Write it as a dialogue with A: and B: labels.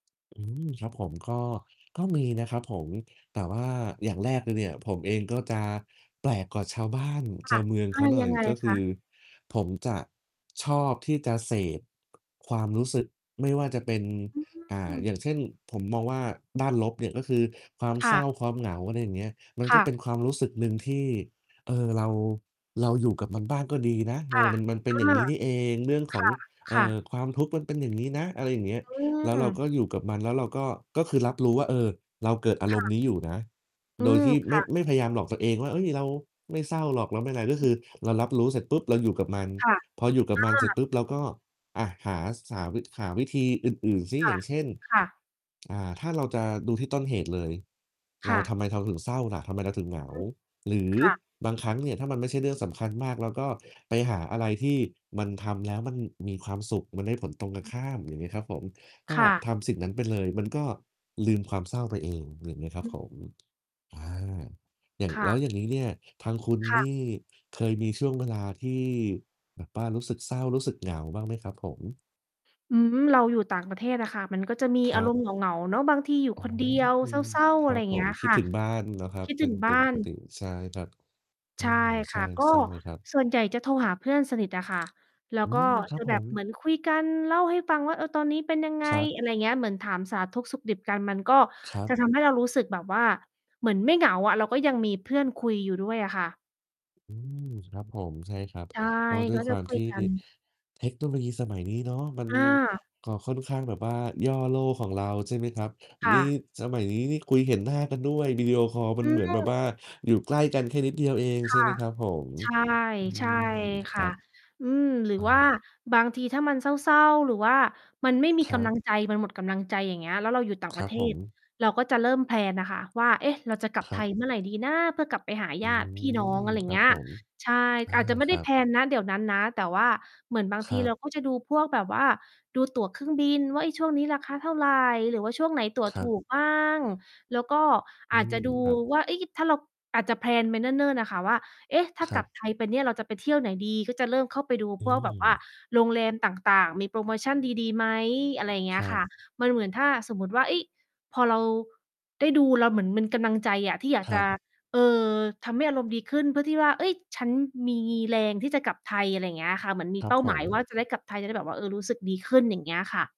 A: อืม ครับผม ก็ ก็มีนะครับผม แต่ว่าอย่างแรกเลยเนี่ย ผมเองก็จะแปลกกว่าชาวบ้าน
B: ค
A: ช
B: ่
A: า
B: ะ
A: วเมือง
B: อ
A: เข
B: า
A: าหน่
B: ยั
A: อย
B: งไง
A: ก็ค
B: ค
A: ื
B: ะ?
A: อผมจะชอบที่จะเสพ ความรู้สึกไม่ว่าจะเป็น อ่
B: อื
A: า
B: อ
A: อย่างเช่น ผมมองว่าด้านลบเนี่ยก็คือความ
B: ค
A: เ
B: ่
A: ศร้
B: ะ
A: า ความเหงา อะไรอย่างเงี้ย มัน
B: ค
A: ก็
B: ่
A: เป็
B: ะ
A: นความรู้สึกหนึ่งที่ เออ เรา เราอยู่กับมันบ้างก็ดีนะ เ
B: ค
A: อ่
B: ่
A: อ
B: ะ
A: มัน มันเป็
B: เอ
A: นอย่างง
B: อ
A: ี้นี่เอง เรื่องข
B: ค
A: อง
B: ่ะ
A: เอ
B: ค
A: ่
B: ่ะ
A: อ ความทุกข์มันเป็นอย่างงี้นะ อะไรอย่างเงี้ย
B: อื
A: แล้วเราก
B: ม
A: ็อยู่กับมัน แล้วเราก็ ก็คือรับรู้ว่า เออ เราเกิดอา
B: ค
A: ร
B: ่
A: มณ์
B: ะ
A: นี้อยู่นะ
B: อื
A: โดย
B: ม
A: ที่
B: ค
A: ไม
B: ่
A: ่
B: ะ
A: ไม่พยายามหลอกตัวเองว่า เฮ้ย เราไม่เศร้าหรอก เราไม่อะไร ก็ค
B: อือ
A: ือเรารับรู้เสร็จปุ๊บ เราอยู่กับมัน
B: ค่ะ
A: พออยู่กับมันเ
B: อ
A: สร็จ
B: า
A: ปุ๊บ เราก็ อ่า หา ส หา วิ หาวิธีอื่น ๆ สิ
B: ค
A: อ
B: ่
A: ย่
B: ะ
A: างเช่น
B: ค่ะ
A: อ่า ถ้าเราจะดูที่ต้นเหตุ เลย
B: ค
A: เร
B: ่
A: าท
B: ะ
A: ำไมเราถึงเศร้าล่ะ ทำไมเราถึงเหงา
B: อืม
A: หรือ
B: ค่ะ
A: บางครั้งเนี่ย ถ้ามันไม่ใช่เรื่องสำคัญมาก เราก็ไปหาอะไรที่มันทำแล้วมันมีความสุข มันได้ผลตรงกันข้าม อย่างนี้ครับผม ก็
B: ค่ะ
A: ทำสิ่งนั้นไปเลย มันก็ลืมความเศร้าไปเอง อย่างเงี้ยครั
B: อ
A: บ
B: ื
A: ผ
B: ม
A: ม อา อย่าง
B: ค่
A: แล
B: ะ
A: ้วอย่างนี้เนี่ย ทางคุณ
B: ค่ะ
A: นี่เคยมีช่วงเวลาที่ แบบว่ารู้สึกเศร้ารู้สึก เหงาบ้างไหมครับผม?
B: อืม เราอยู่ต่างประเทศอะค่ะ มันก็จะมี
A: ค
B: อ
A: ร
B: า
A: ั
B: ร
A: บ
B: มณ์ เหงา ๆ เนาะ บางทีอยู่
A: อ๋อ
B: คน เดียว
A: อื
B: เ
A: ม
B: ศร้า
A: ค
B: ๆ อ
A: ร
B: ะไ
A: ั
B: รอ
A: บ
B: ย่าง
A: ผ
B: เงี้
A: ม
B: ย
A: คิ
B: ค
A: ด
B: ่ะ
A: ถึงบ้านนะครั
B: ค
A: บ
B: ิด
A: เป
B: ถึ
A: ็
B: ง
A: น
B: บ
A: เป
B: ้
A: ็
B: า
A: นป
B: น
A: กติ ใช่ครับ อ๋
B: ใช
A: อ
B: ่
A: ใ
B: ค
A: ช่
B: ่ะ ก็
A: ใช่เลยครับ
B: ส่วนใหญ่จะโทรหาเพื่อนสนิทอะค่ะ แล้
A: อ
B: ว
A: ื
B: ก็
A: ม ครั
B: จ
A: บ
B: ะ
A: ผ
B: แบบ
A: ม
B: เหมือนคุยกันเล่าให้ฟังว่า เออ "ตอนนี้เป็นยังไง"
A: ครับ
B: อะไรอย่างเงี้ย เหมือนถามสารทุกข์สุขดิบกัน มันก็
A: ครั
B: จ
A: บ
B: ะทำให้ เรารู้สึกแบบว่า เหมือนไม่เหงาอะ เราก็ยังมีเพื่อนคุยอยู่ด้วยอะค่ะ
A: อืม ครับผม ใช่ครับ
B: ใช่
A: ก็ด้ว
B: ก
A: ย
B: ็
A: ค
B: จ
A: ว
B: ะ
A: าม
B: คุ
A: ท
B: ย
A: ี่
B: กัน
A: เทคโนโลยีสมัยนี้เนาะ มัน
B: อา
A: ก็ค่อนข้างแบบว่าย่อโลกของเรา ใช่ไหมครับ
B: ค
A: น
B: ่
A: ี่
B: ะ
A: สมัยนี้นี่คุยเห็นหน้ากันด้วย วิดีโอคอลมั
B: อ
A: น
B: ื
A: เหม
B: ม
A: ือนแบบว่าอยู่ใกล้กันแค่นิดเดียวเอง
B: ค
A: ใช่
B: ่
A: ไ
B: ะ
A: หมครับผม?
B: ใช่
A: อื
B: ใช่
A: ม ค
B: ค่
A: รั
B: ะ
A: บ
B: อืม หรือ
A: อ
B: ว
A: า
B: ่าบางทีถ้ามันเศร้า ๆ หรือว่ามันไม่มี
A: ค
B: ก
A: รั
B: ำลั
A: บ
B: งใจ มันหมดกำลังใจ อย่างเงี้ย แล้วเราอยู่ต่าง
A: ค
B: ป
A: ร
B: ร
A: ั
B: ะ
A: บ
B: เท
A: ผ
B: ศ
A: ม
B: เราก็จะเริ่ม แพลน น่ะค่ะ ว่า เอ๊ะ! เราจะกลับ
A: คร
B: ไท
A: ั
B: ย
A: บ
B: เมื่อ ไรดีนะ เพื่อกลับไปหา
A: อ
B: ญ
A: ื
B: าติพี่น้อ
A: ม
B: ง อะไรอย
A: ค
B: ่า
A: ร
B: ง
A: ั
B: เง
A: บ
B: ี้ย
A: ผม
B: ใช่
A: อา
B: อาจจะไม่
A: ค
B: ได
A: ร
B: ้
A: ั
B: แพ
A: บ
B: ลน ณ เดี๋ยวนั้นนะ แต่ว่าเหมือนบาง
A: ค
B: ท
A: ร
B: ี
A: ั
B: เร
A: บ
B: าก็จะดูพวกแบบว่า ดู ตั๋วเครื่องบินว่า เฮ้ย ช่วงนี้ราคาเท่าไรหรือว่าช่วงไหนตั๋ว
A: คร
B: ถ
A: ับ
B: ูก บ้าง แล้วก็
A: อื
B: อาจจ
A: ม
B: ะ ดู
A: ครับ
B: ว่า เฮ้ย ถ้าเรา อาจจะ แพลน ไปเนิ่น ๆ อะค่ะ ว่า "เอ๊ะ ถ้า
A: คร
B: ก
A: ั
B: ลั
A: บ
B: บไทยไปเนี่ย เราจะไปเที่ยวไหนดี?" ก็จะเริ่มเข้าไปดู
A: อื
B: พวก แบบว่า
A: ม
B: โรงแรมต่าง ๆ มีโปรโมชันดี ๆ ไหม อะไรอย่างเงี
A: ค
B: ้ย
A: รั
B: ค่
A: บ
B: ะ มันเหมือนถ้าสมมติว่า เฮ้ย พอเราได้ดู เรา เหมือนมันกำลังใจอะ ที่อยาก
A: คร
B: จ
A: ั
B: ะ
A: บ
B: เอ่อ ทำให้อารมณ์ดีขึ้น เพื่อที่ว่า เฮ้ย ฉันมีแรงที่จะกลับไทย อะไรอย่างเงี้ยค่ะ เหมือนมี
A: คร
B: เ
A: ั
B: ป
A: บ
B: ้า
A: ผ
B: หมาย ว่า
A: ม
B: จะได้กลับไทย จะได้แบบว่า เออ รู้สึกดีขึ้น อย่างเงี้ยค่ะ